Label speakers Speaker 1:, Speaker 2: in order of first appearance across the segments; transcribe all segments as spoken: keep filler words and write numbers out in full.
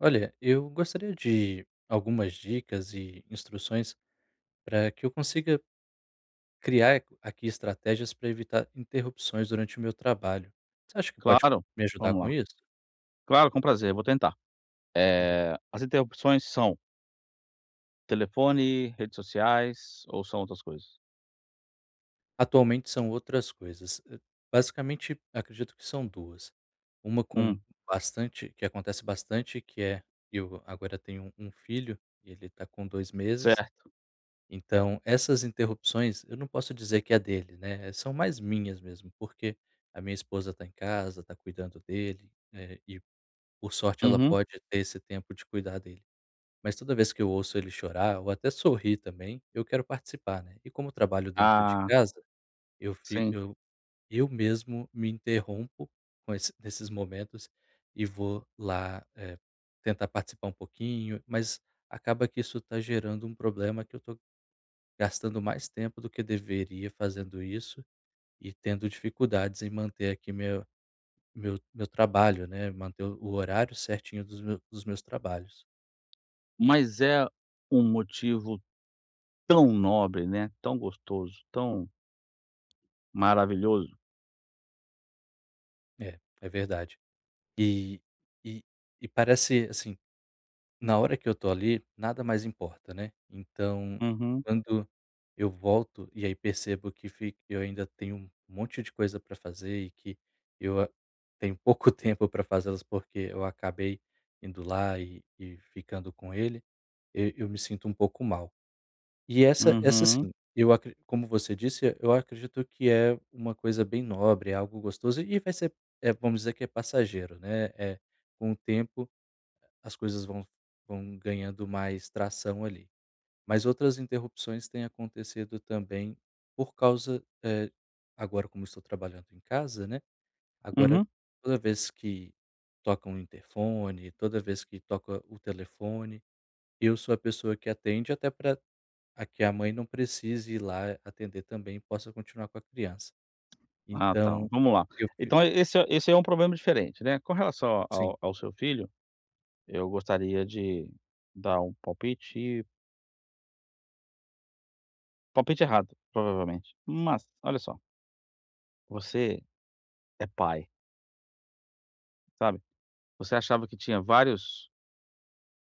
Speaker 1: Olha, eu gostaria de algumas dicas e instruções pra que eu consiga criar aqui estratégias pra evitar interrupções durante o meu trabalho. Você acha que pode
Speaker 2: Claro.
Speaker 1: me ajudar
Speaker 2: Vamos
Speaker 1: com
Speaker 2: lá.
Speaker 1: isso?
Speaker 2: Claro, com prazer, vou tentar.
Speaker 1: Legal.
Speaker 2: Eh, as interrupções são telefone, redes sociais ou são outras coisas?
Speaker 1: Atualmente são outras coisas, hã, basicamente acredito que são duas, uma com
Speaker 2: Hum.
Speaker 1: bastante que acontece bastante, que é, eu agora tenho um filho, e ele tá com dois meses,
Speaker 2: Certo.
Speaker 1: então essas interrupções, eu não posso dizer que é dele, né, eh, são mais minhas mesmo, porque a minha esposa tá em casa, tá cuidando dele, né, e por sorte ela
Speaker 2: Uhum.
Speaker 1: pode ter esse tempo de cuidar dele. Mas toda vez que eu ouço ele chorar ou até sorrir também, eu quero participar, né, e como trabalho dentro de
Speaker 2: Ah.
Speaker 1: casa eu fico
Speaker 2: Sim.
Speaker 1: eu eu mesmo me interrompo com ess nesses momentos e vou lá, eh, tentar participar um pouquinho, mas acaba que isso tá gerando um problema que eu tô gastando mais tempo do que deveria fazendo isso e tendo dificuldades em manter aqui me meu meu trabalho, né, manter o horário certinho dos me dos meus trabalhos.
Speaker 2: Mas é um motivo tão nobre, né. Tão gostoso, tão maravilhoso.
Speaker 1: É, é verdade. E e e, parece assim, na hora que eu estou ali, nada mais importa, né. Então,
Speaker 2: Uhum.
Speaker 1: quando eu volto e aí percebo que fi eu ainda tenho um monte de coisa para fazer e que eu a tenho pouco tempo para fazer elas, porque eu acabei indo lá e e ficando com ele eu eu me sinto um pouco mal. E essa, essa
Speaker 2: Uhum.
Speaker 1: sim, eu acre como você disse, eu acredito que é uma coisa bem nobre, é algo gostoso, e vai ser, vamos dizer que é passageiro, né. Eh eh, com o tempo, as coisas vão vão ganhando mais tração ali. Mas outras interrupções têm acontecido, também, por causa, eh, agora como estou trabalhando em casa, né. Agora
Speaker 2: Uhum.
Speaker 1: toda vez que toca interfone, toda vez que toca o telefone, eu sou a pessoa que atende, até para que a mãe não precise ir lá atender também e possa continuar com a criança.
Speaker 2: Ah, tá,
Speaker 1: Então
Speaker 2: vamos lá.
Speaker 1: eu que
Speaker 2: Então, esse, esse aí é problema diferente, né. Com relação ao
Speaker 1: Sim.
Speaker 2: ao ao seu filho, eu gostaria de dar um palpite e Palpite errado, provavelmente. Mas, olha só você é pai sabe? Você achava que tinha vários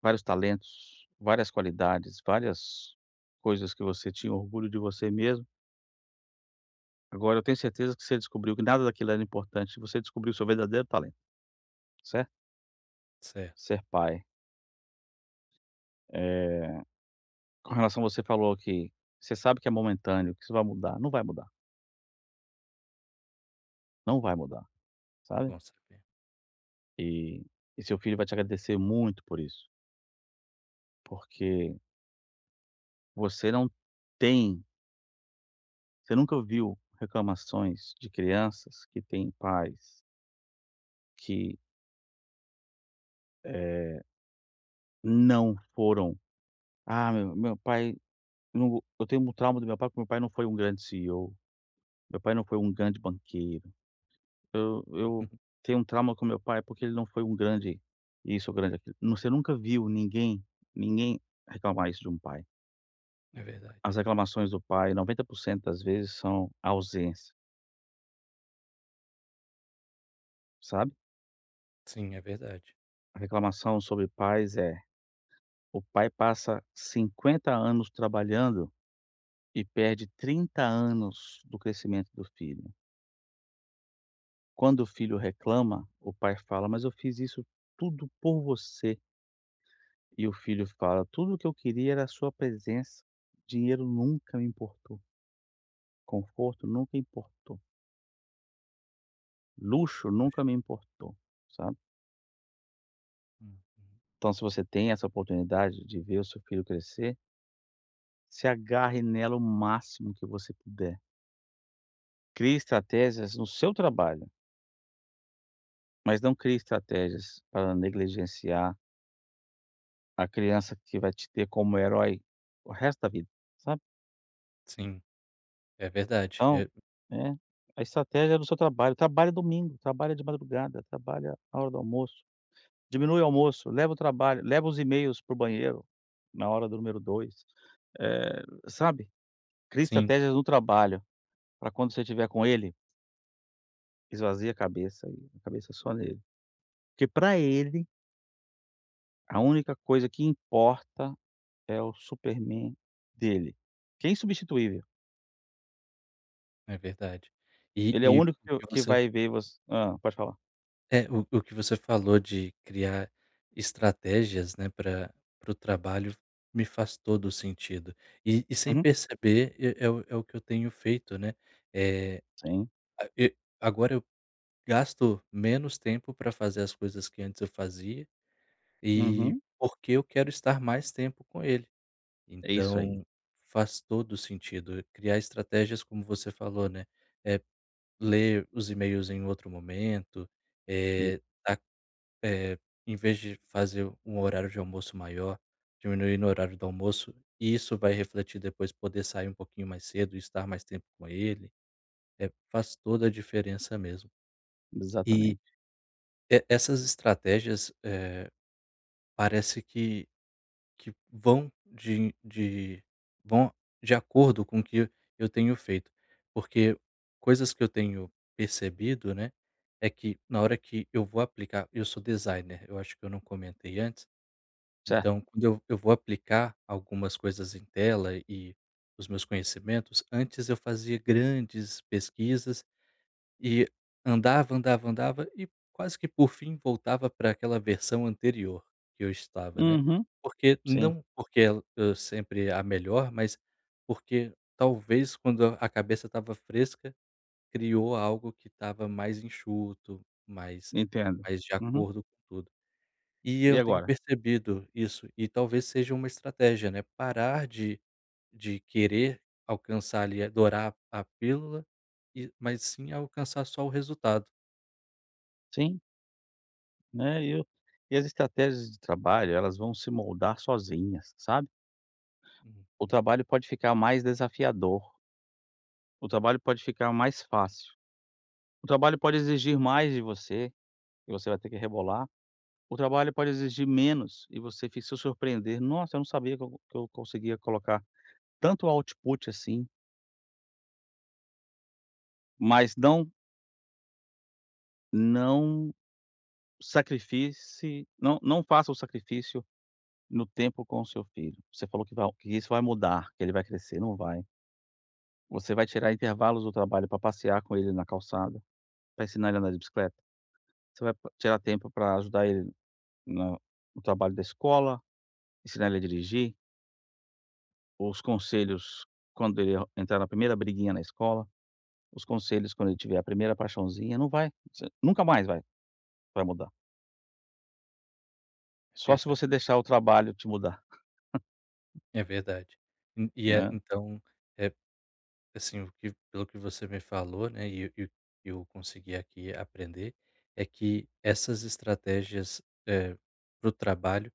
Speaker 2: vários talentos, várias qualidades, várias coisas que você tinha orgulho de você mesmo agora, eu tenho certeza que você descobriu que nada daquilo era importante, e você descobriu seu verdadeiro talento, certo?
Speaker 1: Certo.
Speaker 2: Ser pai. Eh, com relação a você falou que você sabe que é momentâneo, que isso vai mudar, não vai mudar. Não vai mudar, sabe?
Speaker 1: Com certeza.
Speaker 2: E, e seu filho vai te agradecer muito por isso. Porque você não tem você nunca viu reclamações de crianças que têm pais que é não foram, "Ah, meu meu pai não vou eu tenho um trauma do meu pai, porque meu pai não foi um grande CEO, meu pai não foi um grande banqueiro, eu eu tenho um trauma com o meu pai porque ele não foi um grande isso ou um grande aquilo". Você nunca viu ninguém ninguém reclamar isso de um pai.
Speaker 1: É verdade.
Speaker 2: As reclamações do pai, noventa por cento% das vezes, são ausência sabe?
Speaker 1: Sim, é verdade.
Speaker 2: A reclamação sobre pais é: o pai passa cinquenta anos trabalhando e perde trinta anos do crescimento do filho quando o filho reclama, o pai fala: "Mas eu fiz isso tudo por você". e o filho fala: "Tudo o que eu queria era a sua presença, dinheiro nunca me importou". conforto nunca importou "luxo
Speaker 1: Poxa.
Speaker 2: nunca me importou.", sabe?
Speaker 1: Uhum.
Speaker 2: Então, se você tem essa oportunidade de ver o seu filho crescer se agarre nela o máximo que você puder crie estratégias no seu trabalho mas não crie estratégias para negligenciar a criança que vai te ter como herói o resto da vida, sabe?
Speaker 1: Sim, é verdade,
Speaker 2: Então,
Speaker 1: é
Speaker 2: né, a estratégia é no seu trabalho, trabalha domingo, trabalha de madrugada, trabalha a hora do almoço, diminui o almoço, leva o trabalho, leva os e-mails para o banheiro, na hora do número dois. Eh, sabe? Crie
Speaker 1: Sim.
Speaker 2: estratégias no trabalho para quando você estiver com ele esvazie a cabeça aí, a cabeça só nele. Porque pra ele a única coisa que importa é o Superman dele, que é insubstituível.
Speaker 1: É verdade, e
Speaker 2: Ele é o
Speaker 1: e
Speaker 2: único
Speaker 1: o
Speaker 2: que o
Speaker 1: que
Speaker 2: que
Speaker 1: você
Speaker 2: vai ver você hã, pode falar.
Speaker 1: é, o o que você falou de criar estratégias, né, pra para o trabalho me faz todo o sentido e e sem
Speaker 2: Uhum.
Speaker 1: perceber e é o é o que eu tenho feito, né. Eh,
Speaker 2: Sim.
Speaker 1: a e agora eu gasto menos tempo pra fazer as coisas que antes eu fazia e
Speaker 2: Uhum.
Speaker 1: porque eu quero estar mais tempo com ele.
Speaker 2: É isso aí.
Speaker 1: Então, faz todo o sentido eu criar estratégias como você falou, né. Eh, ler os e-mails em outro momento,
Speaker 2: Le
Speaker 1: eh, a, eh, em vez de fazer um horário de almoço maior, diminuir no horário do almoço, isso vai refletir depois, poder sair um pouquinho mais cedo e estar mais tempo com ele, eh, faz toda a diferença mesmo. E,
Speaker 2: Exatamente.
Speaker 1: e essas estratégias, eh, parece que que vão de de vão de acordo com o que eu tenho feito, porque coisas que eu tenho percebido, né, é que na hora que eu vou aplicar eu sou designer, eu acho que eu não comentei antes,
Speaker 2: Certo.
Speaker 1: então quando eu-eu vou aplicar algumas coisas em tela e os meus conhecimentos, antes eu fazia grandes pesquisas e andava, andava, andava e quase que por fim voltava para aquela versão anterior que eu estava, né.
Speaker 2: Uhum,
Speaker 1: Porque
Speaker 2: sim.
Speaker 1: não porque el é sempre a melhor, mas porque talvez quando a cabeça estava fresca criou algo que estava mais enxuto, mais
Speaker 2: Entendo,
Speaker 1: mais de
Speaker 2: uhum.
Speaker 1: acordo com tudo. E
Speaker 2: E
Speaker 1: eu tenho
Speaker 2: agora?
Speaker 1: percebido isso e talvez seja uma estratégia, né? Parar de de querer alcançar ali, adorar a pílula e mas sim alcançar só o resultado.
Speaker 2: Sim. Né, e eu e as estratégias de trabalho elas vão se moldar sozinhas, sabe?
Speaker 1: Uhum.
Speaker 2: O
Speaker 1: Hum.
Speaker 2: trabalho pode ficar mais desafiador. O trabalho pode ficar mais fácil. O trabalho pode exigir mais de você, e você vai ter que rebolar. O trabalho pode exigir menos, e você fi se surpreender, "Nossa, eu não sabia que e que eu conseguia colocar tanto output assim". Mas não não, sacrifisse, não não faça o sacrifício, no tempo com o seu filho. Você falou que va que isso vai mudar, que ele vai crescer, não vai. Você vai tirar intervalos do trabalho pra passear com ele na calçada. Vai ensinar ele a andar de bicicleta. Você vai p tirar tempo pra ajudar ele, na no trabalho da escola, ensinar ele a dirigir. Ou os conselhos quando ele o entrar na primeira briguinha na escola, os conselhos quando ele tiver a primeira paixãozinha, não vai s nunca mais vai, vai mudar.
Speaker 1: É
Speaker 2: Só se você
Speaker 1: verdade.
Speaker 2: deixar o trabalho te mudar.
Speaker 1: É verdade. U E é,
Speaker 2: Né?
Speaker 1: então, é, assim, pe pelo que você me falou, né, e eu e e eu consegui aqui aprender, é que, essas estratégias, eh, pro trabalho,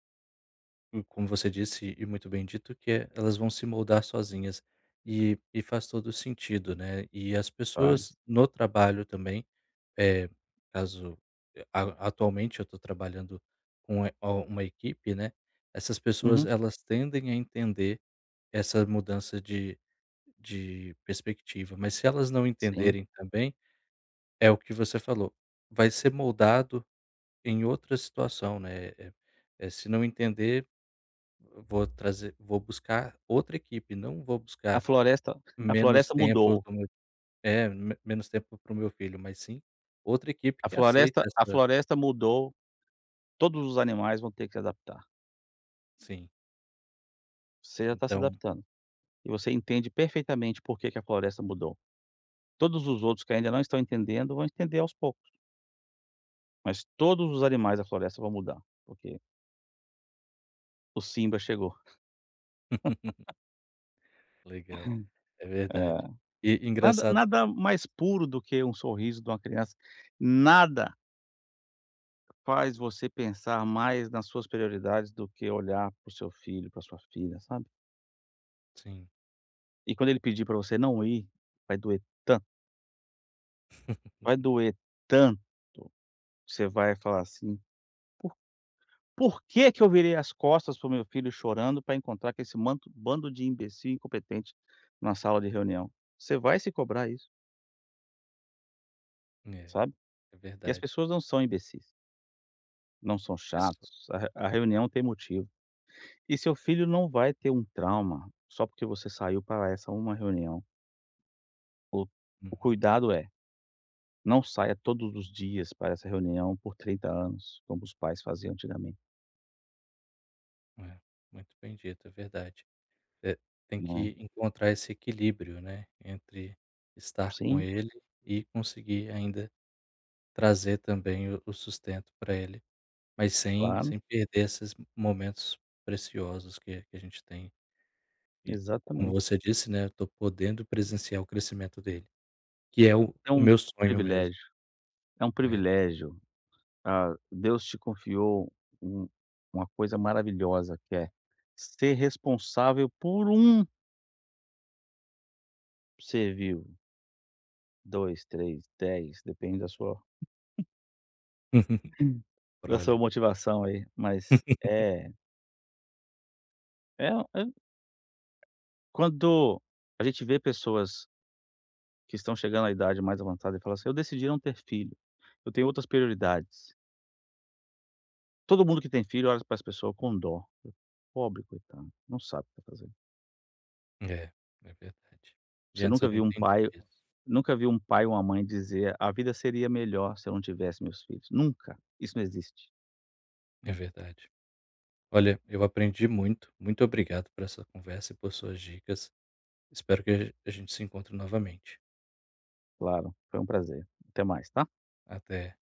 Speaker 1: e como você disse e muito bem dito, que, eh, elas vão se moldar sozinhas, e e faz todo o sentido, né, e as
Speaker 2: Times.
Speaker 1: pessoas no trabalho também, eh, caso, eh, a atualmente eu tô trabalhando com é a uma equipe, né, essas pessoas
Speaker 2: Uhum.
Speaker 1: elas tendem a entender essa mudança de de perspectiva, mas se elas não
Speaker 2: Sim.
Speaker 1: entenderem também, é o que você falou, vai ser moldado em outra situação, né, eh eh, se não entender vou trazer vou buscar outra equipe não vou
Speaker 2: A
Speaker 1: buscar
Speaker 2: floresta a
Speaker 1: menos
Speaker 2: floresta
Speaker 1: tempo do
Speaker 2: mudou.
Speaker 1: é, me menos tempo pro meu filho, mas sim, outra equipe
Speaker 2: A
Speaker 1: que aceita
Speaker 2: floresta a
Speaker 1: essa.
Speaker 2: floresta mudou, todos os animais vão ter que se adaptar.
Speaker 1: Sim.
Speaker 2: Você já tá se
Speaker 1: Então.
Speaker 2: adaptando, e você entende perfeitamente porquê que a floresta mudou. Todos os outros que ainda não estão entendendo, vão estender aos poucos. Mas todos os animais da floresta vão mudar, porque o Simba chegou.
Speaker 1: Legal, é
Speaker 2: É.
Speaker 1: verdade. E
Speaker 2: Nada
Speaker 1: engraçado
Speaker 2: nada
Speaker 1: [unintelligible]
Speaker 2: mais puro do que sorriso de uma criança, nada faz você pensar mais nas suas prioridades do que olhar para o seu filho, para a sua filha, sabe?
Speaker 1: Sim.
Speaker 2: E quando ele pedir para você não ir, vai doer tanto vai doer tanto, você vai falar assim: "Por por que que eu virei as costas para o meu filho chorando pra encontrar com esse manto bando de imbecil incompetente numa sala de reunião?". Você vai se cobrar isso.
Speaker 1: É,
Speaker 2: Sabe?
Speaker 1: é
Speaker 2: E as
Speaker 1: verdade.
Speaker 2: pessoas não são imbecis. Não são
Speaker 1: Isso.
Speaker 2: chatos, a a reunião tem motivo. E seu filho não vai ter um trauma só porque você saiu para essa uma reunião. O o
Speaker 1: Uhum.
Speaker 2: cuidado é, não saia todos os dias para essa reunião por trinta anos, como os pais faziam antigamente.
Speaker 1: É. Muito bem dito, é verdade. Eh, tem que
Speaker 2: Né.
Speaker 1: encontrar esse equilíbrio, né, entre estar com
Speaker 2: Sim.
Speaker 1: ele e conseguir ainda trazer também o o sustento pra ele, mas sem
Speaker 2: Claro.
Speaker 1: sem perder essas m momentos preciosos que que a gente tem. E, como
Speaker 2: Exatamente.
Speaker 1: você disse, né, eu tô podendo presenciar o crescimento dele, que é o
Speaker 2: É um
Speaker 1: meu sonho mesmo.
Speaker 2: privilégio, é um
Speaker 1: É.
Speaker 2: privilégio, ah, Deus te confiou, um uma coisa maravilhosa que é, ser responsável por um ser vivo. dois, três, dez, depende da sua da sua
Speaker 1: Prole.
Speaker 2: motivação aí, mas é É, é. quando a gente vê pessoas que estão chegando à idade mais avançada e falam, assim: "Eu decidiram ter filho, eu tenho outras prioridades". Todo mundo que tem filho olha para as pessoas com dó, pobre coitado, não sabe o que tá fazendo.
Speaker 1: É, é verdade, e
Speaker 2: Você
Speaker 1: antes
Speaker 2: nunca
Speaker 1: eu não
Speaker 2: viu um
Speaker 1: entendia
Speaker 2: pai
Speaker 1: isso.
Speaker 2: nunca viu um pai ou uma mãe dizer: "A vida seria melhor se eu não tivesse meus filhos". Nunca. Isso não existe.
Speaker 1: É verdade. Olha, eu aprendi muito. Muito obrigado por essa conversa e por suas dicas. Espero que a ge a gente se encontre novamente.
Speaker 2: Claro, foi um prazer. Até mais. Tá?
Speaker 1: Até.